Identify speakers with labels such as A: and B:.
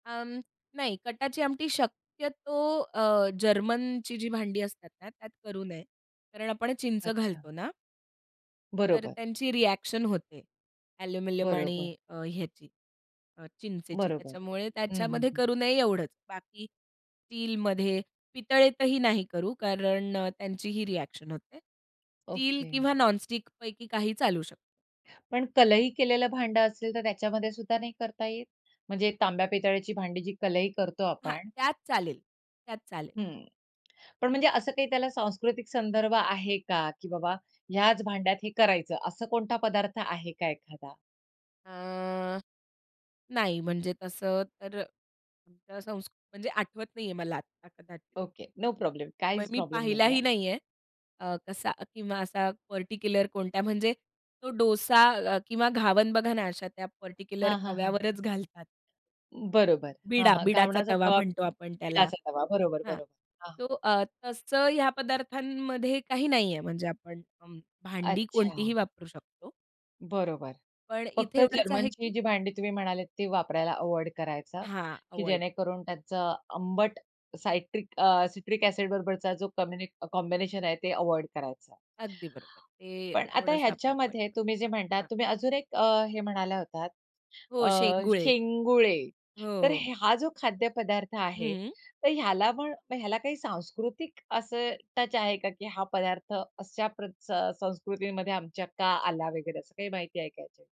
A: अ, नाही कटाची आमटी शक्यतो अ, जर्मनचीजी भांडी असतात ना त्यात करू नये. कारण आपण चिंच
B: अच्छा.
A: घालतो ना. तर
B: बरोबर.
A: त्यांची रिएक्शन होते एल्युमिनियम
B: बरोबर.
A: आणि अ, ह्याची अ, चिंचेची.
B: बरोबर.
A: त्याच्यामुळे
B: हं, हं,
A: त्याच्यामध्ये
B: हं.
A: करू नये एवढंच. बाकी स्टीलमध्ये पितळेतही नाही करू कारण त्यांची ही रिएक्शन होते. Steel
B: okay.
A: किंवा नॉन स्टिक पैकी काही चालू शक
B: पण कलई केलेलं भांडं असेल तर त्याच्यामध्ये सुद्धा नाही करता येत? म्हणजे तांब्या पितळ्याची भांडीजी कलई करतो
A: हां.
B: आपण.
A: त्यात चालेल. त्यात चालेल.
B: हं. पण म्हणजे असं काही त्याला सांस्कृतिक संदर्भ आहे का? की बाबा ह्याच भांड्यात हे करायचं असा कोणता पदार्थ आहे का एखादा?
A: अ, नाही म्हणजे तसं तर [unintelligible] म्हणजे आठवत नाही आहे मला आता कदा
B: ओके. No problem.
A: मग
B: काहीच
A: मी
B: प्रॉब्लेम नाही
A: पाहिलाही
B: आहे.
A: नाही आहे. अ, कसा किंवा असा पार्टिक्युलर कोणत्या म्हणजे तो डोसा अ, किंवा घावण बघा ना अशा त्या पार्टिक्युलर
B: हां, हां, हां. हं.
A: तव्यावरच घालतात.
B: बरोबर. हां,
A: बिडा
B: हां.
A: बिडाचा
B: घावणाचा
A: तवा
B: तवा,
A: म्हणतो आपण त्याला.
B: बिडाचा तवा. बरोबर.
A: हां,
B: बरोबर. हां.
A: तो अ, तसं ह्या पदार्थांमध्ये काही नाही आहे, म्हणजे आपण भांडी कोणतीही
B: अच्छा.
A: वापरू शकतो.
B: बरोबर.
A: पण इथे
B: फक्त
A: एवढंच आहे,
B: जर्मनची
A: की
B: जी भांडी तुम्ही म्हणाल ती वापरायला अव्हॉइड करायचं,
A: हां.
B: की
A: अव्हॉइड.
B: जेणेकरून त्याचं आंबट सायट्रिक अ सिट्रिक एसिड बरोबरचा जो कॉम्बि कॉम्बिनेशन आहे ते अव्हॉइड करायचं.
A: अगदी बरोबर. ते
B: पण आता
A: थोडंसं आपण अव्हॉइड
B: ह्याच्यामध्ये
A: करू
B: तुम्ही जे म्हणतात
A: हां.
B: तुम्ही अजून एक अ, हे म्हणाला होतात,
A: हो.
B: अ,
A: शेंगुळे.
B: शेंगुळे. तर
A: हो.
B: हा जो खाद्य पदार्थ आहे,
A: हं.
B: तर ह्याला पण ह्याला काही सांस्कृतिक असं टच आहे का, की हा पदार्थ अशा प्रत्स संस्कृतीमध्ये आमच्या का आला वगैरे? असं काही माहिती आहे का ह्याच्या